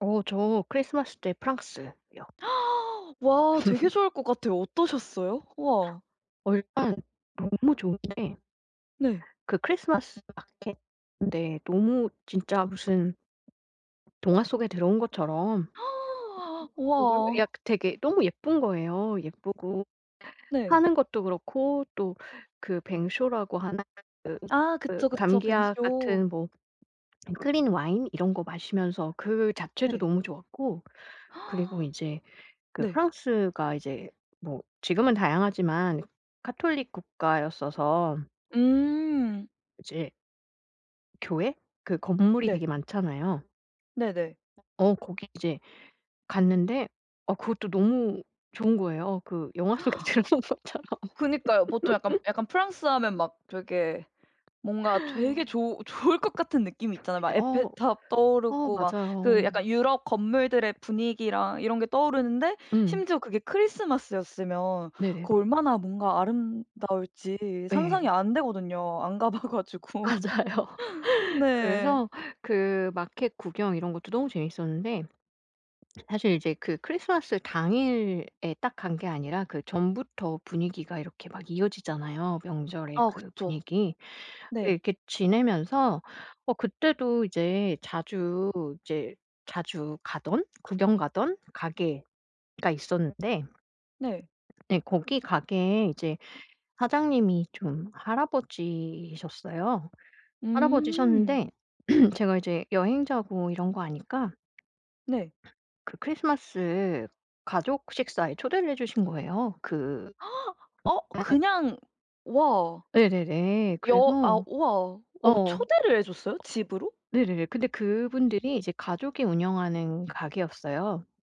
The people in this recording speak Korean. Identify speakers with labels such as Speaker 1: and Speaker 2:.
Speaker 1: 어 저 크리스마스 때 프랑스요.
Speaker 2: 와 되게 좋을 것 같아요. 어떠셨어요? 우와.
Speaker 1: 어 일단 너무 좋은데
Speaker 2: 네.
Speaker 1: 그 크리스마스 마켓인데 너무 진짜 무슨 동화 속에 들어온 것처럼 [unintelligible]
Speaker 2: 우와.
Speaker 1: 약 되게 너무 예쁜 거예요. 예쁘고
Speaker 2: 네.
Speaker 1: 파는 것도 그렇고 또 그 뱅쇼라고 하는 그
Speaker 2: 아
Speaker 1: 그
Speaker 2: 그쵸, 그쵸.
Speaker 1: 감기약
Speaker 2: 뱅쇼.
Speaker 1: 같은 뭐 클린 와인 이런 거 마시면서 그 자체도
Speaker 2: 네.
Speaker 1: 너무 좋았고. 그리고 이제 그
Speaker 2: 네.
Speaker 1: 프랑스가 이제 뭐 지금은 다양하지만 카톨릭 국가였어서
Speaker 2: 음.
Speaker 1: 이제 교회? 그 건물이
Speaker 2: 네.
Speaker 1: 되게 많잖아요.
Speaker 2: 네네.
Speaker 1: 어 거기 이제 갔는데 어 그것도 너무 좋은 거에요 그 영화 속에 들어간 것처럼.
Speaker 2: 그니까요. 보통 약간 약간 프랑스 하면 막 되게 뭔가 되게 좋 좋을 것 같은 느낌이 있잖아요. 막
Speaker 1: 어
Speaker 2: 에펠탑
Speaker 1: 어
Speaker 2: 떠오르고 막
Speaker 1: 맞아요.
Speaker 2: 그 약간 유럽 건물들의 분위기랑 이런 게 떠오르는데
Speaker 1: 음.
Speaker 2: 심지어 그게 크리스마스였으면
Speaker 1: 네네네.
Speaker 2: 그 얼마나 뭔가 아름다울지
Speaker 1: 네.
Speaker 2: 상상이 안 되거든요 안 가 봐 가지고.
Speaker 1: 맞아요.
Speaker 2: 네.
Speaker 1: 그래서 그 마켓 구경 이런 것도 너무 재밌었는데 사실 이제 그 크리스마스 당일에 딱 간 게 아니라 그 전부터 분위기가 이렇게 막 이어지잖아요 명절의
Speaker 2: 아
Speaker 1: 그
Speaker 2: 그쵸.
Speaker 1: 분위기.
Speaker 2: 네.
Speaker 1: 이렇게 지내면서 어 그때도 이제 자주 이제 자주 가던 구경 가던 가게가 있었는데.
Speaker 2: 네.
Speaker 1: 네. 거기 가게에 이제 사장님이 좀 할아버지셨어요.
Speaker 2: 음.
Speaker 1: 할아버지셨는데 제가 이제 여행자고 이런 거 아니까
Speaker 2: 네.
Speaker 1: 그 크리스마스 가족 식사에 초대를 해 주신 거에요. 그
Speaker 2: 어
Speaker 1: [unintelligible]
Speaker 2: 그냥 와.
Speaker 1: 네네네.
Speaker 2: 여 아
Speaker 1: 그래서
Speaker 2: 우와 어
Speaker 1: 어
Speaker 2: 초대를 해 줬어요? 집으로?
Speaker 1: 네네네. 근데 그분들이 이제 가족이 운영하는 가게였어요.